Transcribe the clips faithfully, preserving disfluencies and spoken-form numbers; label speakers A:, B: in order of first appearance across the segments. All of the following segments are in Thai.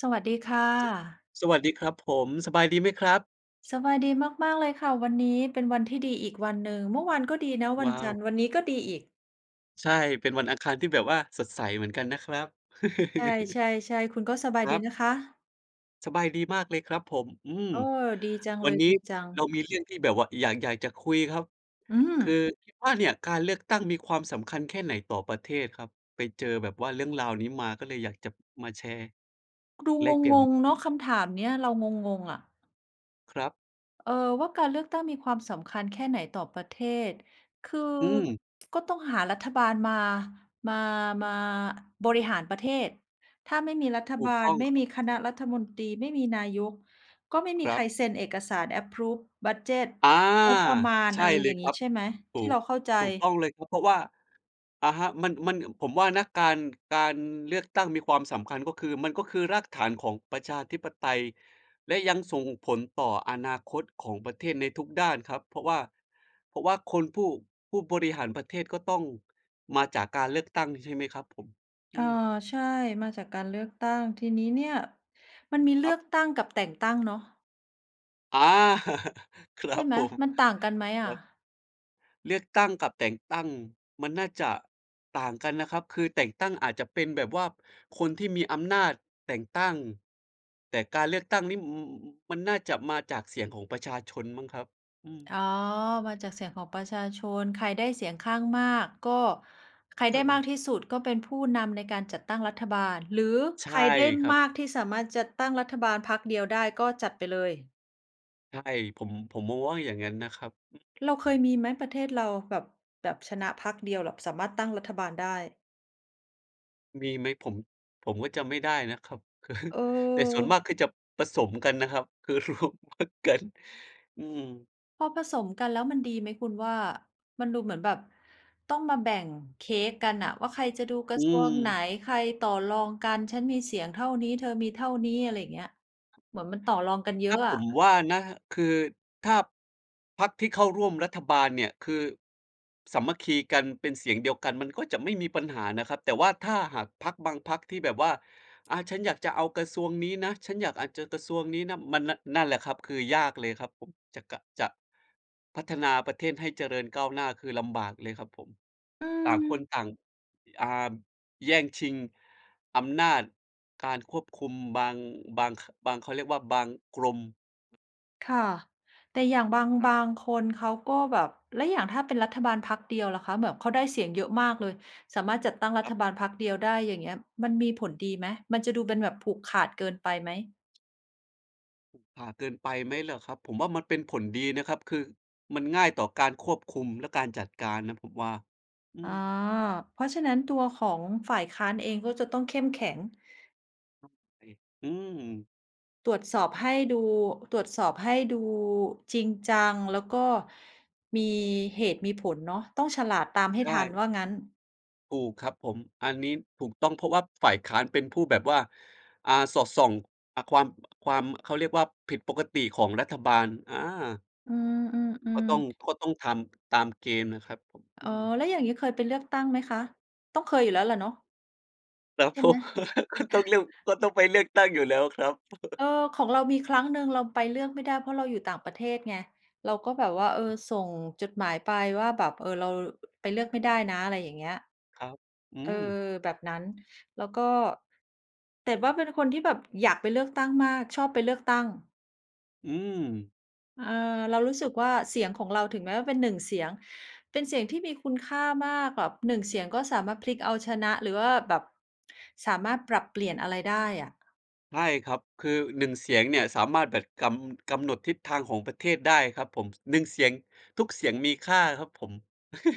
A: สวัสดีค่ะ
B: สวัสดีครับผม สบายดีไหมครับ?
A: สบายดีมาก ๆ เลยค่ะ วันนี้เป็นวันที่ดีอีกวันหนึ่ง เมื่อวานก็ดีนะ ว
B: ว
A: ัน
B: ้า
A: จ
B: ว
A: ันทร์ วันนี้ก็ดีอีก
B: ใช่ เป็นวันอังคารที่แบบว่าสดใสเหมือนกันนะครับ
A: ใช่ ๆ ๆ คุณก็สบาย
B: คร
A: ดี
B: ับ
A: นะคะ?
B: สบายดีมากเลยครับผม อืม
A: โอ้ ดีจัง
B: ว
A: เ
B: ั
A: ล
B: น
A: ย
B: นี้
A: ดีจั
B: เ
A: ง
B: รามีเรื่องที่แบบว่าอยาก อยากจะคุยครับ
A: อื
B: ค
A: ม
B: ือคิดว่าเนี่ย การเลือกตั้งมีความสำคัญแค่ไหนต่อประเทศครับ? ไปเจอแบบว่าเรื่องราวนี้มา ก็เลยอยากจับมาแชร์
A: ดู
B: แลกเปลี่ย
A: ง
B: นมุ
A: ง
B: มม
A: ๆ เ
B: อ
A: น
B: ง
A: าะ ค
B: กั
A: ำ
B: น
A: ถามเนี้ย เรางง ๆ อะ
B: ครับ
A: เอ่อ ว่าการเลือกตั้งมีความสำคัญแค่ไหนต่อประเทศ คือ
B: อืม
A: ก็ต้องหารัฐบาลมา มา มา อ บริหารประเทศ ถ้าไม่มีรัฐ
B: ถู
A: บา
B: กต
A: ล
B: ้อง
A: ไม่
B: ครั
A: ม
B: บ
A: ีคณะรัฐมนตรี ไม่มีนายก ก็ไม่มี
B: คร
A: ใ
B: ั
A: ค
B: บ
A: รเซ็นเอกสาร approve บัดเจด
B: อา
A: งบประมาณ
B: ใช
A: อ
B: ่
A: ะไร
B: เล
A: อย่
B: ย
A: าง
B: ค
A: งี
B: ร
A: ้
B: ับ
A: ใช่ไหม
B: ถ
A: ท
B: ู
A: ี่เ
B: ก
A: ราเข้าใจ?
B: ถูกต้องเลยครับ เพราะว่า อะฮะ มัน มัน เอ่อ ผมว่านะ การ การเลือกตั้งมีความสำคัญก็คือ มันก็คือรากฐานของประชาธิปไตย และยังส่งผลต่ออนาคตของประเทศในทุกด้านครับ เพราะว่า เพราะว่าคนผู้ ผู้บริหารประเทศ ก็ต้องมาจากการเลือกตั้ง ใช่ไหมครับผม? อ
A: อ
B: ื
A: า
B: ม
A: ใช่ มาจากการเลือกตั้ง ที่นี้เนี่ย มันมีเล
B: ค
A: ื
B: รับ
A: อกตั้งกับแต่งตั้งเนาะ
B: อา ครั
A: ใช่
B: บ
A: ไหม
B: ผม
A: มันต่างกันไหมอ
B: คร
A: ะ?
B: ับ เลือกตั้งกับแต่งตั้งมันน่าจะต่างกันนะครับ คือแต่งตั้งอาจจะเป็นแบบว่าคนที่มีอำนาจแต่งตั้ง แต่การเลือกตั้งนี่ อืม อืม มันน่าจะมาจากเสียงของประชาชนมั้งครับ อืม
A: อ๋อ มาจากเสียงของประชาชน ใครได้เสียงข้างมากก็ ใครไ
B: อ
A: ด้ม
B: า
A: ากที่สุด ก็เป็นผู้นำในการจัดตั้งรัฐบาล หรือ
B: ใช
A: ใค
B: ่
A: รได้
B: ครั
A: ม
B: บ
A: ากที่สามารถจัดตั้งรัฐบาลพรรคเดียวได้ ก็จัดไปเลย
B: ใช่ ผม ผมมองว่าอย่างงั้นนะครับ อืม
A: เราเคยมีไหม ประเทศเรา แบบ แบบชนะพรรคเดียหร็อบ สามารถตั้งรัฐบาลได้?
B: มีไหม? ผม ผมก็จำไม่ได้นะครับ แต่ส่วนมา
A: เออ
B: กคือจับประสมกันนะครับ คือรวมพรรคกัน อือฮึ
A: พอผสมกัน แล้วมันดีไหมคุณว่า? มันดูเหมือนแบบต้องมาแบ่งเค้กกันน่ะว่า ใครจะดูกร
B: อื
A: ะทรวงไหน
B: ม
A: ใครต่อรองกัน "ฉันมีเสียงเท่านี้ เธอมีเท่านี้" อะไรเงี้ย เหมือนมันต่อรองกันเย
B: ค
A: อ
B: รั
A: ะ
B: บ
A: อ
B: ผ
A: ะ
B: มว่านะ คือถ้าพรรคที่เข้าร่วมรัฐบาลเนี่ย คือสามัคคีกัน เป็นเสียงเดียวกัน มันก็จะไม่มีปัญหานะครับ แต่ว่าถ้าหากพรรคบางพรรคที่แบบว่า "อะ ฉันอยากจะเอากระทรวงนี้นะ ฉันอยาก อาจจะกระทรวงนี้นะ" มันนะ นั่นแหละครับ คือยากเลยครับผม จะกะ จะ พัฒนาประเทศให้เจริญก้าวหน้า คือลำบากเลยครับผม
A: อื
B: ต่างคน
A: ม
B: ต่าง อ่า แย่งชิงอำนาจการควบคุมบาง บาง ขะ บาง เขาเรียกว่า บางกรม
A: ค่ะ แต่อย่างบาง
B: ครั
A: บ
B: บ
A: างคนเขาก็แบบ แล้วอย่างถ้าเป็นรัฐบาลพรรคเดียวล่ะคะ แบบเขาได้เสียงเยอะมากเลย สามารถจัดตั้งร
B: ค
A: ั
B: รับ
A: ฐบาลพรรคเดียวได้ อย่างเงี้ย มันมีผลดีไหม? มันจะดูเป็นแบบผูกขาดเกินไปไหม?
B: ผูกผ่าเกินไปไหมเหรอครับ? ผมว่า มันเป็นผลดีนะครับ คือมันง่ายต่อการควบคุมและการจัดการนะผมว่า อื
A: อ๋อ
B: ม
A: เพราะฉะนั้นตัวของฝ่ายค้านเองก็จะต้องเข้มแข็ง
B: [unintelligible] อืม
A: ตรวจสอบให้ดู ตรวจสอบให้ดูจริงจัง แล้วก็มีเหตุมีผลเนาะ ต้องฉลาดตามให้
B: ใช
A: ทัน
B: ่
A: ว่างั้น
B: ถูกครับผม อันนี้ถูกต้อง เพราะว่าฝ่ายค้านเป็นผู้แบบว่า อ่า สอดส่อง อ่า ความ อ ความ อ เขาเรียกว่า ผิดปกติของรัฐบาล อา
A: อื
B: ก็
A: ม
B: ต้อง
A: ๆ ๆ
B: ก็ต้องทำตามเกณฑ์นะครับผม อ
A: อ
B: ื
A: ๋อ
B: ม
A: แล้วอย่างงี้เคยไปเลือกตั้งไหมคะ? ต้องเคยอยู่แล้วล่ะเนาะ
B: ครับ
A: ใช่
B: ผ
A: ไหม?
B: ม ต้องเลี่ยว ก็ต้องไปเลือกตั้งอยู่แล้วครับ
A: เออ ของเรามีครั้งหนึ่งเราไปเลือกไม่ได้ เพราะเราอยู่ต่างประเทศไง เราก็แบบว่า เ
B: ค
A: อ
B: รับ อื
A: อ
B: ม
A: ส่งจดหมายไปว่า แบบ เออ เรา อ ไปเลือกไม่ได้นะ อะไรอย่างเงี้ย
B: ครับ อื
A: เออ
B: ม
A: แบบนั้น แล้วก็ แต่ว่าเป็นคนที่แบบอยากไปเลือกตั้งมาก ชอบไปเลือกตั้ง
B: อืม
A: เออ เรารู้ส
B: ค
A: ึ
B: รับ
A: กว่า เสียงของเรา ถึงแม้ว่าเป็น หนึ่ง เสียง เป็นเสียงที่มีคุณค่ามาก แบบ หนึ่ง เสียงก็สามารถพลิกเอาชนะ หรือว่าแบบสามารถปรับเปลี่ยนอะไรได้อะ
B: ใช่ครับ คือ หนึ่ง เสียงเนี่ยสามารถแบบกำ กำหนดทิศทางของประเทศได้ครับผม ส หนึ่ง เสียง ทุกเสียงมีค่าครับผม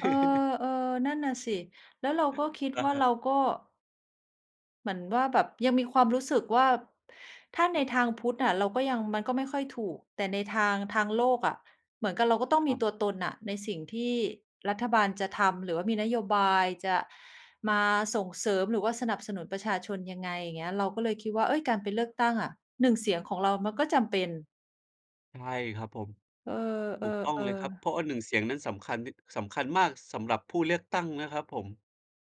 A: เออ ๆ นั่นน่ะสิ แล้วเราก็คิด
B: นะ
A: ว่า
B: ครั
A: เร
B: บ
A: าก็ เหมือนว่าแบบยังมีความรู้สึกว่า ถ้า
B: ค
A: ใน
B: รับ
A: ทางพุทธอะเราก็ยัง มันก็ไม่ค่อยถูก แต่ในทาง ทางโลกอะเหมือนกับเรา ก็ต้อง
B: ค
A: ม
B: รั
A: ี
B: บ
A: ตัวตนน่ะในสิ่งที่รัฐบาลจะทำ หรือว่ามีนโยบายจะมาส่งเสริม หรือว่าสนับสนุนประชาชนยังไง อย่างเงี้ย เราก็เลยคิดว่า เฮ้ย! การไปเลือกตั้งอะ หนึ่ง เสียงของเรามันก็จำเป็น
B: ใช่ครับผม
A: เอ
B: ถูกต้อง
A: อ
B: เลยครับ
A: ๆ ๆ
B: เพราะออ หนึ่ง เสียงนั้นสำคัญนิด สำคัญมากสำหรับผู้เลือกตั้งนะครับผม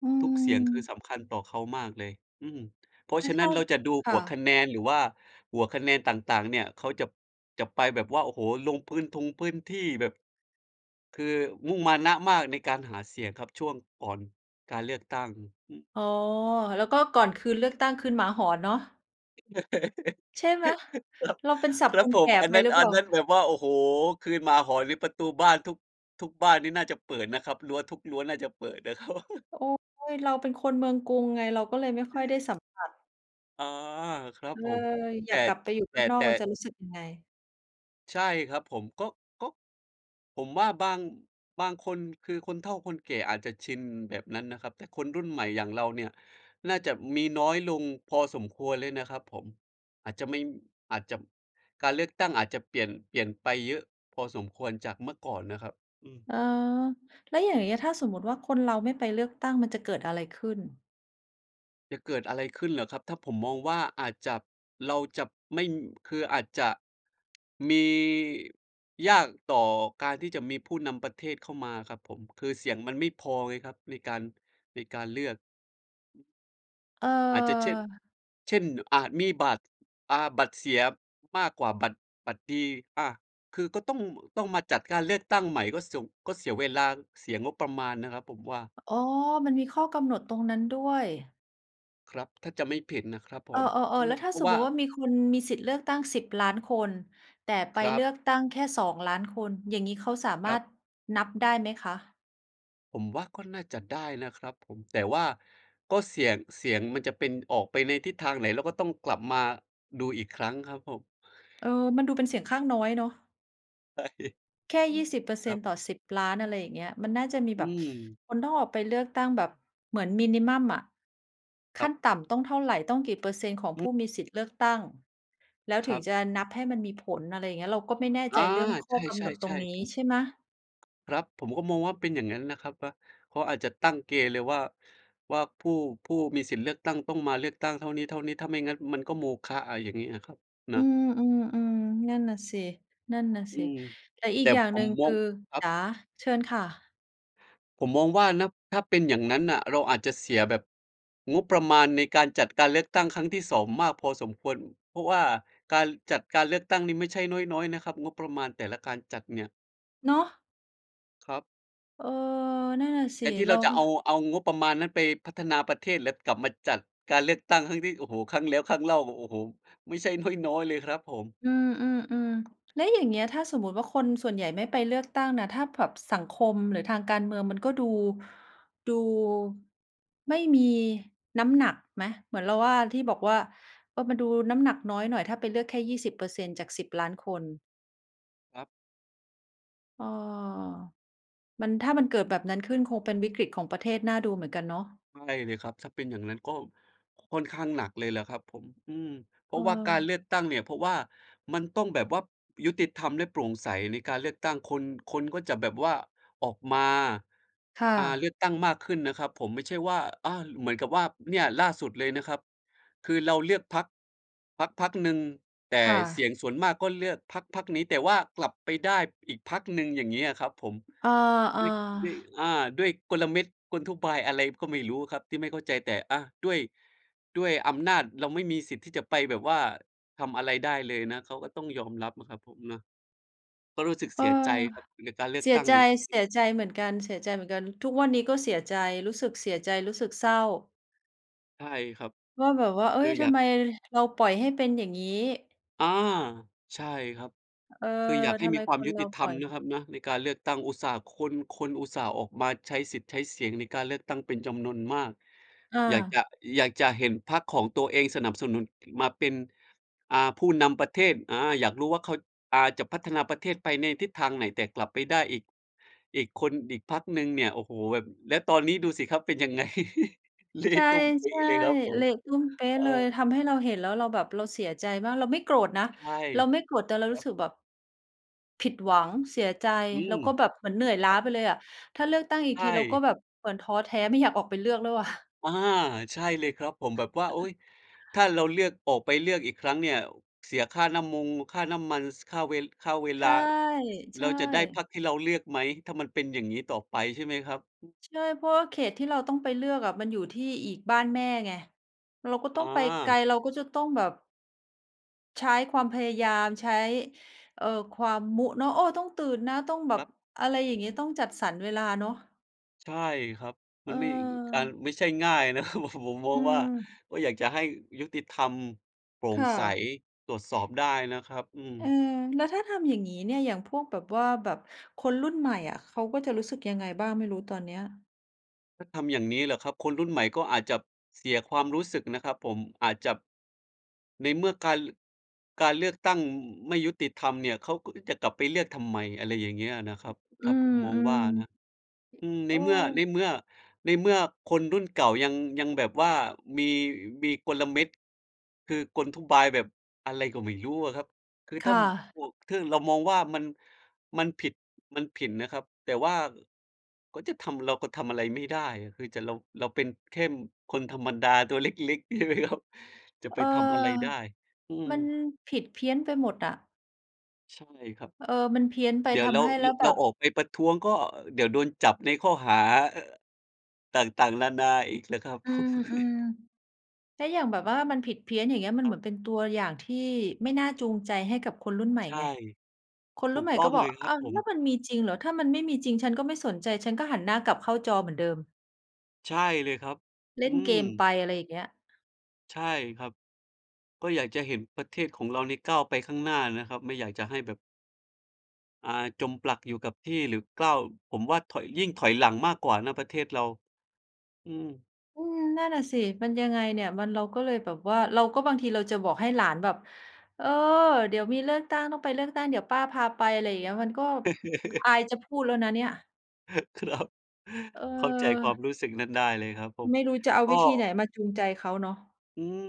A: อื
B: ทุกเสียงคือ
A: ม
B: สำคัญต่อเขามากเลย อืม เพรา
A: ไ
B: ะ
A: ม่
B: ฉะ
A: เท
B: นั้
A: ่
B: น
A: า
B: เราจะดู
A: ค
B: ห
A: ่
B: ัวค
A: ะ
B: ะแนน หรือว่าหัวคะแนนต่าง ๆ เนี่ย เขาจับ จับไปแบบว่า โอ้โฮ! ลงพื้นทงพื้นที่แบบ คือมุ่งมานะมากในการหาเสียงครับ ช่วงก่อนการเลือกตั้ง อือฮึ
A: อ๋อ แล้วก็ก่อนคืนเลือกตั้ง คืนหมาหอนเนาะ ใช่ไหม
B: ครับ
A: เราเป็น ศัพ
B: ค
A: ท์
B: รั
A: ค
B: บ
A: น
B: ผ
A: แก
B: ม
A: ่
B: อัน
A: ไป
B: นั้น
A: หรือเ
B: อ
A: ป
B: ั
A: ล่
B: น
A: า?
B: นั้นแบบว่า โอ้โฮ! คืนหมาหอนนี่ประตูบ้านทุก ทุกบ้านนี่น่าจะเปิดนะครับ รั้วทุกรั้วน่าจะเปิดนะ ครับ
A: โอ๊ย! เราเป็นคนเมืองกรุงไง เราก็เลยไม่ค่อยได้สัมผัส
B: อา ครั
A: เ
B: บ
A: ออ
B: ผม
A: อ
B: แ
A: ย
B: ต่
A: ากกลับไปอยู่
B: แต
A: บ้
B: ่
A: านนอ
B: แต
A: ก
B: ่
A: มันจะรู้สึกยังไง
B: ใช่ครับผม ก็ ก็ ผมว่าบาง บางคนคือคนเฒ่าคนแก่อาจจะชินแบบนั้นนะครับ แต่คนรุ่นใหม่อย่างเราเนี่ยน่าจะมีน้อยลงพอสมควรเลยนะครับผม อาจจะไม่ อาจจะ การเลือกตั้งอาจจะเปลี่ยน เปลี่ยนไปเยอะพอสมควรจากเมื่อก่อนนะครับ อืม
A: เออ แล้วอย่างเงี้ย ถ้าสมมติว่า คนเราไม่ไปเลือกตั้ง มันจะเกิดอะไรขึ้น?
B: จะเกิดอะไรขึ้นหรอครับ? ถ้า ผมมองว่า อาจจับ เราจับไม่ คืออาจจะ มี ยากต่อการที่จะมีผู้นำประเทศเข้ามาครับผม คือเสียงมันไม่พอไงครับ ในการ ในการเลือก อืม
A: เ
B: อาจจะเช่ด
A: ออ
B: เช่น อาจมีบัตร อ่า บัตรเสียมากกว่า บัตร บัตรดี อะ คือก็ต้อง ม ต้องมาจัดการเลือกตั้งใหม่ ก็สง ก็เสียเวลาง เสียงบประมาณนะครับผมว่า
A: อ อ๋อ มันมีข้อกำหนดตรงนั้นด้วย
B: ครับ ถ้าจำไม่ผิดนะครับผ
A: เอ
B: ม
A: อ
B: อื
A: ๆ ๆ แล้
B: ม
A: วถ้
B: เ
A: า
B: พรา
A: ส
B: ะ
A: ม
B: ว
A: ม
B: ่า
A: ติว่า มีคนมีสิทธิ์เลือกตั้ง สิบ ล้านคน แต่ไป
B: คร
A: เ
B: ั
A: ลื
B: บ
A: อกตั้งแค่ สอง ล้านคน อย่างงี้เขาสาม
B: ค
A: า
B: รั
A: ร
B: บ
A: ถนับได้ไหมคะ?
B: ผมว่าก็น่าจะได้นะครับผม แต่ว่าก็เสี่ยง เสียงมันจะเป็นออกไปในทิศทางไหน เราก็ต้องกลับมาดูอีกครั้งครับผม
A: เออ มันดูเป็นเสียงข้างน้อยเนาะ
B: ใช่
A: แค่
B: อื
A: ยี
B: ม
A: ่สิบ เปอร์เ
B: ค
A: ซ
B: ร
A: ็
B: ั
A: นต
B: บ
A: ์ต่อ สิบ ล้าน อะไรอย่างเงี้ย มันน่าจะมี
B: อ
A: แบ
B: ื
A: บ
B: ม
A: คน ถ้าออกไปเลือกตั้งแบบเหมือน มินิมัม อะ ข
B: ครั
A: ั้
B: บ
A: นต่ำต้องเท่าไร ต้องกี่เปอร์เซ็นต์ของ
B: อ
A: ผ
B: ืม
A: ู้มีสิทธิ์เลือกตั้ง แล้ว
B: ค
A: ถึ
B: รั
A: ง
B: บ
A: จะนับให้มันมีผล อะไรเงี้ย เราก็ไม่แน่
B: อ
A: ใ
B: า
A: จเรื่องข
B: ใ
A: ้อก
B: ช
A: ำหนดตร
B: ่
A: งนี
B: ๆ ๆ
A: ้
B: ผม
A: ใช่ไหม?
B: ครับ ผมก็มองว่าเป็นอย่างงั้นนะครับว่า เขาอาจจะตั้งเกณฑ์เลยว่า ว่า ผู้ ผู้มีสิทธิ์เลือกตั้งต้องมาเลือกตั้งเท่านี้ ๆ ถ้าไม่งั้นมันก็โมฆะ อะไรอย่างงี้อะครับ น
A: อื
B: ะ
A: ม ๆ ๆ นั่นน่ะสิ
B: อืม
A: ๆ แต่อ
B: แ
A: ี
B: ต
A: ก
B: ่
A: อย่าง
B: ผ
A: หนึ
B: ม
A: ่ง
B: ม
A: ค
B: อ
A: ื
B: ง
A: อ
B: ครั
A: จ
B: บ
A: ๋า เชิญค่ะ
B: ผมมองว่า นับ ถ้าเป็นอย่างนั้นน่ะ เราอาจจะเสียแบบงบประมาณในการจัดการเลือกตั้งครั้งที่ สอง มากพอสมควร เพราะว่าการ ร จัดการเลือกตั้งนี่ไม่ใช่น้อย ๆ นะครับ งบประมาณแต่ละการจัดเนี่ย
A: เนาะ
B: ครับ
A: เออ นั่นน่ะส
B: แท
A: ิ
B: นที่
A: เร
B: เร
A: า
B: าจะ
A: ฮึ
B: เอา เอางบประมาณนั้นไปพัฒนาประเทศ เล็บกลับมาจัดการเลือกตั้งครั้งที่ โอ้โฮ! ครั้งแล้วครั้งเล่า โอ้ โอ้โฮ! ไม่ใช่น้อย ๆ เลยครับผม
A: อือ ๆ ๆ แล้วอย่างเงี้ย ถ้าสมมติว่า คนส่วนใหญ่ไม่ไปเลือกตั้งน่ะ ถ้าแผ็บ สังคมหรือทางการเมืองมันก็ดู ดูไม่มีน้ำหนักไหม? เหมือนเราว่า ที่บอกว่า เอ่อ มันดูน้ำหนักน้อยหน่อย ถ้าไปเลือกแค่ ยี่สิบ เปอร์เซ็นต์จาก สิบ ล้านคน
B: ครับ
A: อ้อ มัน ถ้ามันเกิดแบบนั้นขึ้น คงเป็นวิกฤติของประเทศน่าดูเหมือนกันเนาะ
B: ใช่เลยครับ ถ้าเป็นอย่างงั้นก็ค่อนข้างหนักเลยล่ะครับผม อืม เพรา
A: เ
B: ะว่าการเ
A: ออ
B: ลือกตั้งเนี่ย เพราะว่ามันต้องแบบวับ ยุติธรรมและโปร่งใสในการเลือกตั้ง คน คนก็จะแบบว่าออกมา
A: ค่
B: อ่า เลื
A: ะ
B: อกตั้งมากขึ้นนะครับผม ไม่ใช่ว่า อา เหมือนกับว่า เนี่ยล่าสุดเลยนะครับ คือเราเลือกพรรค พรรคพรรคหนึ่ง แต่
A: ค่
B: เสีย
A: ะ
B: งส่วนมากก็เลือกพรรคพรรคนี้ แต่ว่ากลับไปได้อีกพรรคหนึ่ง อย่างเงี้ยครับผม
A: อ
B: ด้
A: า
B: วย ด้วย
A: ๆ
B: อา ด้วยกลเม็ด กลทุบาย อะไรก็ไม่รู้ครับที่ไม่เข้าใจ แต่ อะ ด้วย ด้วยอำนาจ เราไม่มีสิทธิ์ที่จะไปแบบว่าทำอะไรได้เลยนะ เขาก็ต้องยอมรับนะครับผมนะ ก็รู้สึก
A: เ
B: เ
A: อ
B: ส
A: อ
B: ียใจครับกับการเลือ
A: เ
B: ก
A: สี
B: ต
A: ย
B: ั้ง
A: ใจ
B: เนี่ย
A: เ
B: อ
A: ส
B: ืม
A: ียใจเหมือนกัน เสียใจเหมือนกัน ทุกวันนี้ก็เสียใจ รู้สึกเสียใจ รู้สึกเศร้า
B: ใช่ครับ
A: ว่า แบบว่า เฮ
B: ค
A: ้
B: ื
A: ย!
B: อ
A: ท
B: อยา
A: ำ
B: ก
A: ไมเราปล่อยให้เป็นอย่างงี้
B: อา ใช่ครับ
A: เออ
B: คืออยากให
A: ท
B: ้
A: ำ
B: ม
A: ไ
B: ี
A: ม
B: ควา
A: ค
B: ม
A: น
B: ยุ
A: เร
B: ต
A: า
B: ิธ
A: ป
B: ร
A: ล
B: ร
A: ่อ
B: ม
A: ย
B: เน
A: เ
B: า
A: ล
B: ะ
A: ย
B: ครับนะในการเลือกตั้ง อุตส่าห์ คน คนอุตส่าห์ออกมาใช้สิทธิ์ใช้เสียงในการเลือกตั้งเป็นจำนวนมาก
A: อ
B: อยากจ
A: า
B: ะ อยากจะเห็นพรรคของตัวเองสนับสนุน อ มาเป็น อ่า ผู้นำประเทศ อา อยากรู้ว่าเขา อ่า จะพัฒนาประเทศไปในทิศทางไหน แต่กลับไปได้อีก อีกคน อีกพรรคหนึ่งเนี่ย โอ้โฮ! แบบ แล้วตอนนี้ดูสิครับเป็นยัง ไง เละ
A: ใช่
B: ตุ้มเป๊ะเลยครับผ
A: ๆ เล
B: ม
A: ะตุ้มเป๊
B: เ
A: ะ
B: อ
A: เลย
B: อ
A: ทำให้เราเห็น แล้วเราแบบ เราเสียใจมาก เราไม่โกรธนะ
B: ใช่
A: เราไม่โกรธ แต่
B: ค
A: ร
B: ร
A: ู
B: ั
A: ้
B: บ
A: สึกแบบ ผิดหวัง เสียใจ
B: อื
A: แล้
B: ม
A: วก็แบบเหมือนเหนื่อยล้
B: ค
A: า
B: รับ
A: ไปเลยอะ ถ้าเลือกตั้งอี
B: ใ
A: ก
B: ช
A: ที เราก็
B: ่
A: แบบเหมือนท้อแท้ไม่อยากออกไปเลือกแล้วอะ
B: อะฮะ ใช่เลยครับผม แบบว่า โอ๊ย ถ้าเราเลือก ออกไปเลือกอีกครั้งเนี่ย อ เสียค่าน้ำมงค่าน้ำมัน ส ค่าเวล ค่าเว
A: ใ
B: ล
A: ช
B: า
A: ่
B: แ
A: ใ
B: ล
A: ช
B: ้วจะได้พร
A: ่
B: รคที่เราเลือกไหม ถ้ามันเป็นอย่างงี้ต่อไปใช่ไหมครับ? อืม
A: ใช่ เพราะว่าเขตที่เราต้องไปเลือกอะ มันอยู่ที่อีก บ้านแม่ไง เราก็
B: อ
A: ต้องไปไกล
B: า
A: เราก็จะต้องแบบ ใช้ความพยายาม ใช้ เอ่อ ความ มุ เนาะ "โอ้! ต้องตื่นนะ ต้องแบ
B: คร
A: บ"
B: ับ
A: อะไรอย่างงี้ ต้องจัดสรรเวลาเนาะ
B: ใช่ครับ
A: เ
B: มันไม่ อ การ
A: ออ
B: ไม่ใช่ง่าย นะครับ ผม มอ
A: อื
B: งว่า
A: ม
B: ก็อยากจะให้ยุติธรรม โปร่
A: ค
B: ง
A: ่
B: ใส
A: ะ
B: ตรวจสอบได้นะครับ อืม
A: เออ แล้วถ้าทำอย่างี้เนี่ย อย่างพวกแบบว่า แบบคนรุ่นใหม่อะ เขาก็จะรู้สึกยังไงบ้างไม่รู้? ตอนเนี้ย
B: ถ้าทำอย่างนี้เหรอครับ? คนรุ่นใหม่ก็อาจจับเสียความรู้สึกนะครับผม อาจจับ ในเมื่อการ ล การเลือกตั้ง อ ไม่ยุติธรรมเนี่ย เขาก็จะกลับไปเลือกทำไม อะไรอย่างเงี้ยนะครับ
A: อื
B: ถ้าผ
A: ม
B: มมอ
A: ๆ อื
B: งว
A: ม
B: ่าอะนะ อือ
A: โ
B: ใ
A: อ
B: น
A: ้
B: เมื่อ ในเมื่อ ในเมื่อคนรุ่นเก่ายัง ยังแบบว่ามี อ มีกลเม็ด คือกลอุบาย แบบอะไรก็ไม่รู้อะครับ คือ
A: ค
B: ถ้
A: ่ะ
B: ำ พวกทึ่ง เรามองว่า มัน มันผิด มันผินนะครับ แต่ว่า อ ก็จะทำ เราก็ทำอะไรไม่ได้อะ คือจะ เรา เราเป็นเค่น คนธรรมดาตัวเล็ก ๆ ใช่ไหมครับ จะ
A: เ
B: ไ
A: อ
B: ป
A: อ
B: ทำอะไรได้ อือ
A: มันผิดเพี้ยนไปหมดอะ
B: ใช่ครับ
A: เออ มันเพี้ยนไป
B: เดี๋ย
A: ท
B: วแล้
A: ำใ
B: ว
A: ห้ แล
B: ร
A: ้วแ
B: เ
A: บ
B: รา
A: บ
B: ออกไปประท้วง ก็ อ เดี๋ยวโดนจับในข้อหา เอ่อ ต่าง ๆ นานาอีกแหละครับ
A: อืม ๆ แล้วอย่างแบบว่า มันผิดเพี้ยน อย่างเงี้ย มัน
B: ค
A: เ
B: ร
A: ห
B: ั
A: มื
B: บ
A: อนเป็นตัวอย่างที่ไม่น่าจูงใจให้กับคนรุ่นใหม่
B: ใช่
A: ไง คน
B: ถ
A: ร
B: ู
A: ุ่น
B: ก
A: ใหม่
B: ต้อ
A: ก็
B: ง
A: บ
B: เ
A: อ
B: ล
A: ก
B: ยค
A: "อ
B: ร
A: อ
B: ั
A: ้
B: บ
A: าว
B: ผ
A: แล้
B: ม
A: วมันมีจริงเหรอ ถ้ามันไม่มีจริง ฉันก็ไม่สนใจ ฉันก็หันหน้ากลับเข้าจอเหมือนเดิม"
B: ใช่เลยครับ
A: เล
B: อ
A: ่
B: ื
A: นเก
B: ม
A: มไป อะไรอย่างเงี้ย
B: ใช่ครับ ก็อยากจะเห็นประเทศของเราเนี่ยก้าวไปข้างหน้านะครับ ไม่อยากจะให้แบบ อ่า จมปลักอยู่กับที่หรือกร้าว ผมว่าถอย ยิ่งถอยหลังมากกว่านะประเทศเรา อืม
A: อืม นั่นน่ะสิ มันยังไงเนี่ย มัน เราก็เลยแบบว่า เราก็ บางทีเราจะบอกให้หลานแบบ "เออ เดี๋ยวมีเลือกตั้ง ต้องไปเลือกตั้ง เดี๋ยวป้าพาไป" อะไรเงี้ย มันก็ อ อายจะพูดแล้วนะเนี่ย
B: ครับ
A: เ
B: เข้าใจความ
A: ออ
B: รู้สึกนั้นได้เลยครับผม
A: ไม่รู้จะเอา
B: ก็
A: วิธีไหนมาจูงใจเขาเนาะ
B: อืม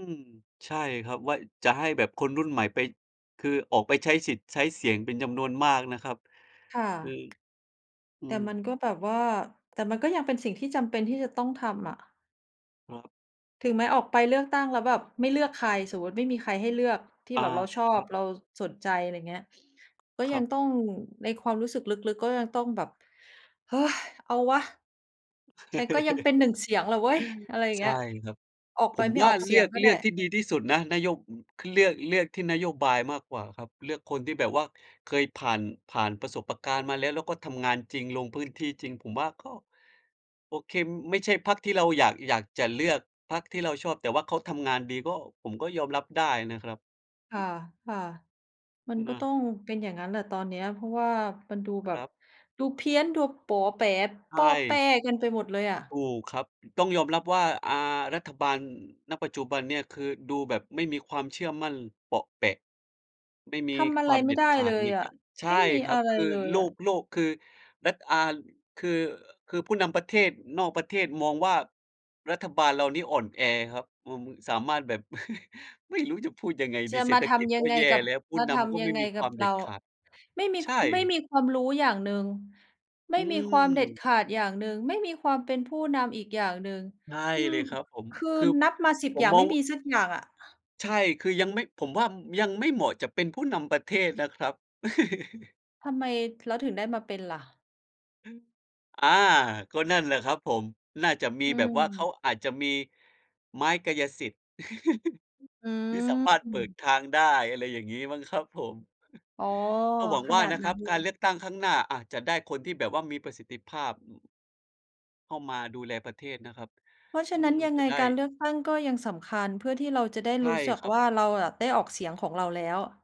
B: ใช่ครับ ว่าจะให้แบบคนรุ่นใหม่ไป คือออกไปใช้สิทธิ์ใช้เสียงเป็นจำนวนมากนะครับ
A: ค่ะ
B: อือ อื
A: แต่
B: ม
A: มันก็แบบว่า แต่มันก็ยังเป็นสิ่งที่จำเป็นที่จะต้องทำอะ
B: ครับ
A: ถึงแม้ออกไปเลือกตั้งแล้วแบบไม่เลือกใคร สมมติไม่มีใครให้เลือก ที่
B: อา
A: แบบเราชอ
B: ครั
A: บ
B: บ
A: เรา ส สนใจ อะไรเงี้ย ก็
B: ค
A: ย
B: รั
A: ัง
B: บ
A: ต้อง ในความรู้สึกลึก ๆ ก็ยังต้องแบบ "เฮ้ย! เอาวะ ฉันก็ยังเป็น หนึ่ง เสียงล่ะเว้ย" อะไรอย่า
B: ใ
A: งเ
B: ช
A: ง
B: ่
A: ี้ย
B: ครับ
A: ออก
B: ผ
A: ไป
B: ม
A: ไม่
B: ว่
A: อ
B: า
A: อกเ
B: เ
A: ส
B: ล
A: ี
B: ื
A: ย
B: อ
A: ง
B: ก
A: ก็
B: เ
A: ไ
B: ล
A: ด
B: ื
A: ้
B: อกที่ดีที่สุดนะ นโย คือเลือก เลือกที่นโยบายมากกว่าครับ เลือกคนที่แบบว่าเคยผ่าน ผ่านปะสบปะกาน มาแล้ว แล้วก็ทำงานจริงลง พื้นที่จริง ผมว่าก็ โอ่เค็ม ไม่ใช่พรรคที่เราอยาก อยากจะเลือก พรรคที่เราชอบ แต่ว่าเขาทำงานดีก็ ผมก็ยอมรับได้นะครับ
A: ค
B: อื
A: ่ะ
B: ม
A: ๆ มันก
B: น
A: ็ต้
B: ะ
A: องเป็นอย่างงั้นน่ะตอนเนี้ย เพราะว่ามันดูแ
B: ค
A: บ
B: ร
A: บ
B: ับ
A: ดูเพี้ยน ดูป๋อแป๋
B: ใช
A: ป้อแป้
B: ่
A: กันไปหมดเลยอะ
B: ถูกครับ ต้องยอมรับว่า อ่า รัฐบาล ณ ปัจจุบันเนี่ย คือดูแบบไม่มีความเชื่อมั่น เปาะแปะ ไม่มี
A: ทำอะ
B: ค
A: ไ
B: ว
A: ร
B: าม
A: ไ
B: เ
A: ม่
B: ด็ด
A: ได้
B: ขา
A: เล
B: ด
A: ย
B: ใน
A: อ
B: ก
A: ะ
B: ใช
A: ไม่
B: ่
A: มี
B: คร
A: อ
B: ั
A: ะ
B: บ
A: ไร
B: คือ
A: เลย
B: โล
A: อะ
B: ก โลกคือ รัฐอาน คือ อ คือผู้นำประเทศนอกประเทศมองว่า รัฐบาลเรานี้อ่อนแอครับ อืม สามารถแบบ ไม่รู้จะพูดยังไง
A: จ
B: ดี
A: ะ
B: เศร
A: ม
B: ษ
A: า
B: ฐ
A: ท
B: กิจ
A: ำย
B: ก
A: ั
B: ็
A: งไง
B: แย่
A: กับ
B: แล้ว ผู้
A: มา
B: น
A: ท
B: ำก็
A: ำย
B: ไ
A: ั
B: ม่
A: งไง
B: มีค
A: ก
B: ว
A: ั
B: า
A: บ
B: มเด
A: เ
B: ็
A: ร
B: ด
A: า
B: ขาด
A: ไม่มี
B: ใช
A: ค ไม่
B: ่
A: มีความรู้อย่างหนึ่ง ไม
B: อื
A: ่มีความเด็ด
B: ม
A: ขาดอย่างหนึ่ง ไม่มีความเป็นผู้นำอีกอย่างหนึ่ง
B: ใช่
A: อื
B: เล
A: อ
B: ยครับผม
A: คื
B: ค
A: อ
B: ือ
A: นับมา สิบ
B: ผ
A: อ
B: ม
A: ย่าง
B: ม
A: ไ
B: อ
A: ม
B: ง
A: ่
B: ว
A: มีสักอย่างอะ
B: ใช่ คือยังไม่ ผมว่า อืม ยังไม่เหมาะจะเป็นผู้นำประเทศนะครับ
A: ทำไม แล้วถึงได้มาเป็นล่ะ?
B: อา ก็นั่นแหละครับผม น่าจะมี
A: อื
B: แบบว่า เขา
A: ม
B: อาจจะมี ไม้กายสิทธิ์
A: อือ
B: ที่สามารถ
A: อื
B: เปิ
A: ม
B: ดทางได้ อะไรอย่างงี้มั้งครับผม
A: อ๋อ
B: ก็หวัง
A: ข
B: ว่า
A: นาด
B: นะ
A: น
B: ค
A: ั
B: รั
A: ้
B: บ
A: นเล
B: การ
A: ย
B: เลือกตั้งครั้งหน้าอาจจะได้คนที่แบบว่ามีประสิทธิภาพ อืม เข้ามาดูแลประเทศนะครับ
A: เพราะฉ
B: อ
A: ะ
B: ื
A: นั้
B: ม
A: นยัง
B: จะ
A: ไง
B: ได้
A: การเลือกตั้งก็ยังสำคัญ เพื่อที่เราจะได้
B: ใช
A: ร
B: ่
A: ู้ ส จัก
B: ครับ
A: ว่า เราอะได้ออกเสียงของเราแล้วอะ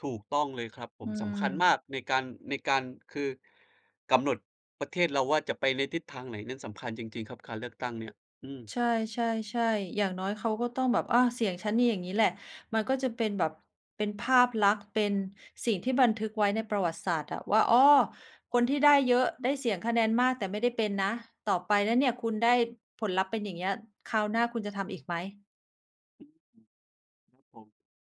B: ถูกต้องเลยครับผ
A: อื
B: ม สำคัญมาก
A: ม
B: ในการ ในการ คือ กำหนดประเทศเราว่าจะไปทิศทางไหนนั้นสำคัญจริง ๆ ครับ การเลือกตั้งเนี่ย อืม
A: ใช่ ๆ ๆ อย่างน้อยเขาก็ต้องแบบ อะ เสียงฉันนี่อย่างงี้แหละ มันก็จะเป็นแบบ เป็นภาพลักษณ์ เป็นสิ่งที่บันทึกไว้ในประวัติศาสตร์อะว่า "อ้อ! คนที่ได้เยอะ ได้เสียงคะแนนมาก แต่ไม่ได้เป็นนะ ต่อไปนะเนี่ย คุณได้ผลลัพธ์เป็นอย่างเงี้ย คราวหน้าคุณจะทำอีกไหม?"
B: นั่นสิ ครับผม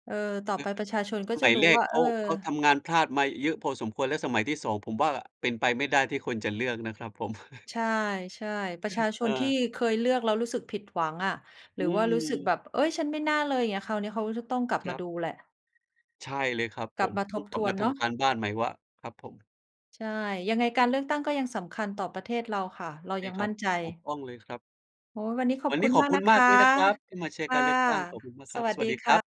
A: เออ ต่อ
B: เลิ
A: ไป
B: กไป
A: ประช
B: เถ
A: า
B: อะ
A: ช
B: ก
A: น
B: ็
A: ก
B: ส
A: ็จ
B: ม
A: ะ
B: ัย
A: รู
B: แ
A: ้
B: รก
A: ว่า
B: เข
A: เอ
B: า
A: อ
B: เขาทำงานพลาดมาเยอะพอสมควร แล้วสมัยที่ สอง ผมว่าเป็นไปไม่ได้ที่คนจะเลือกนะครับผม
A: ใช่ ๆ ประชาช
B: เ
A: นที่
B: ออ
A: เคยเลือกแล้วรู้สึกผิดหวังอะ ห
B: อ
A: ร
B: ื
A: ือว่ารู้สึกแ
B: ม
A: บบ "เฮ้ย! ฉันไม่น่าเลย" อย่างเงี้ย คราวเนี้ยเขาก็จะต้องกลับ
B: ค
A: ม
B: ร
A: า
B: ับ
A: ดูแหละ
B: ใช่เลยครับผ
A: กลับ
B: ม
A: มา
B: อื
A: ท
B: ม
A: บ
B: กลั
A: ท
B: บ
A: ว
B: ม
A: น
B: าท
A: เนาะ
B: ำการบ้านใหม่ว่า ครับผม
A: ใช่ ยังไงการเลือกตั้งก็ยังสำคัญต่อประเทศเราค่ะ เรา
B: ใช่
A: ยัง
B: ครั
A: มั
B: บ
A: ่นใจ
B: ถูกต้องเลยครับ
A: โอ้โฮ วันนี้ขอ
B: ว
A: บ
B: ันน
A: ค
B: ี้
A: ุณ
B: ขอ
A: ม
B: บ
A: าก
B: คุ
A: น
B: ณ
A: ะค
B: มาก
A: ะ
B: เลยนะครับที่มาแช
A: ค
B: ร์ก
A: ่
B: า
A: ะ
B: รเลือกตั้ง ขอบคุณมากค
A: ส
B: รับ
A: วั
B: ส
A: ส
B: ว
A: ด
B: ั
A: ี
B: สดี
A: ค
B: คร
A: ่
B: ับ
A: ะ